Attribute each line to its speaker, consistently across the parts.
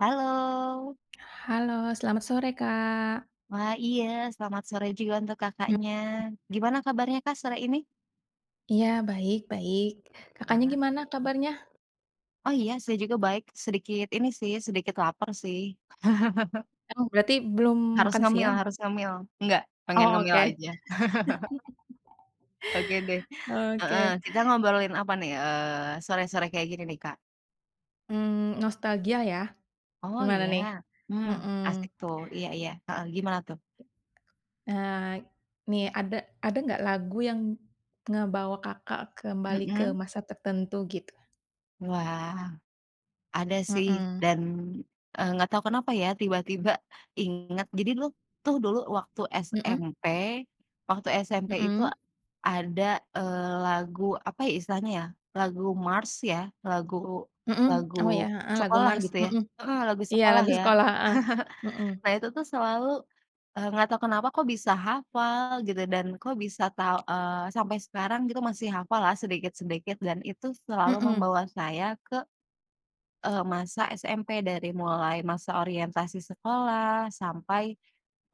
Speaker 1: Halo.
Speaker 2: Halo, selamat sore, Kak.
Speaker 1: Wah, iya. Selamat sore juga untuk
Speaker 2: Mmm.
Speaker 1: Kakaknya. Gimana kabarnya, Kak, sore ini?
Speaker 2: Iya, baik baik. Kakaknya
Speaker 1: Semangat.
Speaker 2: gimana kabarnya?
Speaker 1: Oh, iya, saya juga baik. Sedikit ini, sih, sedikit lapar, sih.
Speaker 2: Emang berarti belum
Speaker 1: Harus
Speaker 2: makan
Speaker 1: ngemil
Speaker 2: siang?
Speaker 1: harus ngemil, enggak, pengen
Speaker 2: Oh,
Speaker 1: ngemil
Speaker 2: oke.
Speaker 1: aja. Oke, deh, heeh.
Speaker 2: Oke.
Speaker 1: Kita ngobrolin apa, nih? Eee, sore-sore kayak gini, nih, Kak?
Speaker 2: Mmm, nostalgia, ya?
Speaker 1: Oh,
Speaker 2: Gimana,
Speaker 1: iya.
Speaker 2: nih?
Speaker 1: Mmm,
Speaker 2: Mhm.
Speaker 1: asik, tuh. Iya iya, heeh, gimana, tuh?
Speaker 2: Eee, nih, ada ada gak lagu yang, ngebawa Kakak kembali ke
Speaker 1: Mhm.
Speaker 2: masa tertentu gitu?
Speaker 1: Wah. Ada, sih,
Speaker 2: Hmm.
Speaker 1: dan, eee, gak tau kenapa, ya, tiba-tiba inget. Jadi dulu, tuh, dulu waktu
Speaker 2: Hmm?
Speaker 1: SMP, waktu SMP itu
Speaker 2: Hmm.
Speaker 1: ada, eee, lagu apa, ya, istilahnya, ya. Lagu mars, ya. Lagu
Speaker 2: Hmm. Oh,
Speaker 1: lagu
Speaker 2: ya heeh, lagu
Speaker 1: sekolah
Speaker 2: mars,
Speaker 1: gitu, ya?
Speaker 2: mhm.
Speaker 1: Heeh, lagu
Speaker 2: Iya,
Speaker 1: sekolah,
Speaker 2: lagu
Speaker 1: ya.
Speaker 2: sekolah heeh. Hmm.
Speaker 1: Nah, itu tuh selalu, eee, gak tau kenapa, kok, bisa hafal gitu, dan, kok bisa tau eee, sampai sekarang gitu masih hafal lah sedikit-sedikit dan itu selalu
Speaker 2: Mmm.
Speaker 1: membawa saya ke, eee, masa SMP, dari mulai masa orientasi sekolah sampai,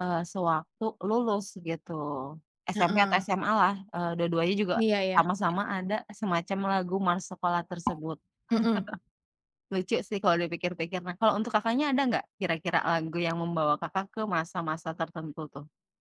Speaker 1: eee, sewaktu lulus gitu. SMP atau
Speaker 2: Heeh.
Speaker 1: SMA lah, eee, dua-duanya juga
Speaker 2: Iya, ya.
Speaker 1: sama-sama ada semacam lagu mars sekolah tersebut.
Speaker 2: Mmm.
Speaker 1: Lucu, sih, kalau dipikir-pikir. Nah, kalau untuk Kakaknya ada nggak kira-kira lagu yang membawa Kakak ke masa-masa tertentu, tuh?